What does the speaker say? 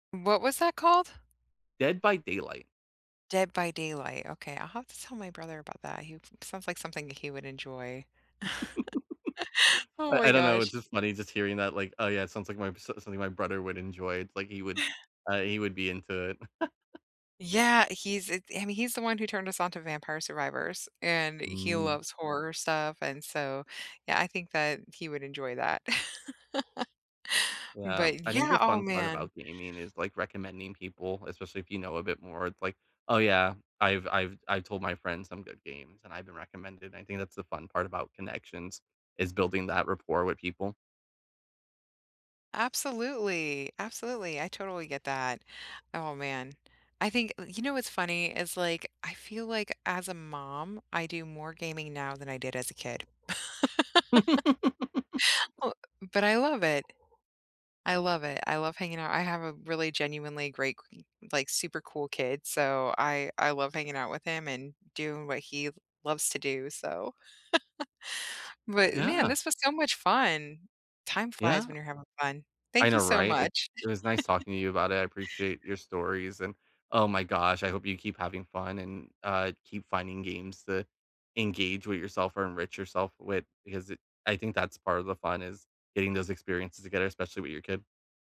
What was that called? Dead by Daylight. Dead by Daylight. Okay. I'll have to tell my brother about that. He sounds like something that he would enjoy. Oh I my I don't know, gosh. it's just funny just hearing that, like, oh, yeah. It sounds like my s something my brother would enjoy. It's like he would, uh, he would be into it. Yeah. He's it I mean, he's the one who turned us on to vampire survivors, and he Mm. loves horror stuff and so, yeah, I think that he would enjoy that. Yeah. But I think yeah, the oh, fun part man. about gaming is, like, recommending people, especially if you know a bit more. It's like, oh, yeah. I've I've I've told my friends some good games, and I've been recommended and I think that's the fun part about connections, is building that rapport with people. Absolutely, absolutely, I totally get that. Oh, man, I think uh, you know what's funny? It's like, I feel like as a mom, I do more gaming now than I did as a kid. B but I love it. I love it. I love hanging out. I have a really genuinely great k like, super cool kid, so I I love hanging out with him and doing what he loves to do, so But, man, Yeah. this was so much fun. Time flies Yeah. when you're having fun. I Thank know, you so right? It much. it was nice talking to you about it. I appreciate your stories, and oh my gosh, I hope you keep having fun and, uh, keep finding games to engage with yourself or enrich yourself with because it I think that's part of the fun, is getting those experiences together, especially with your kid.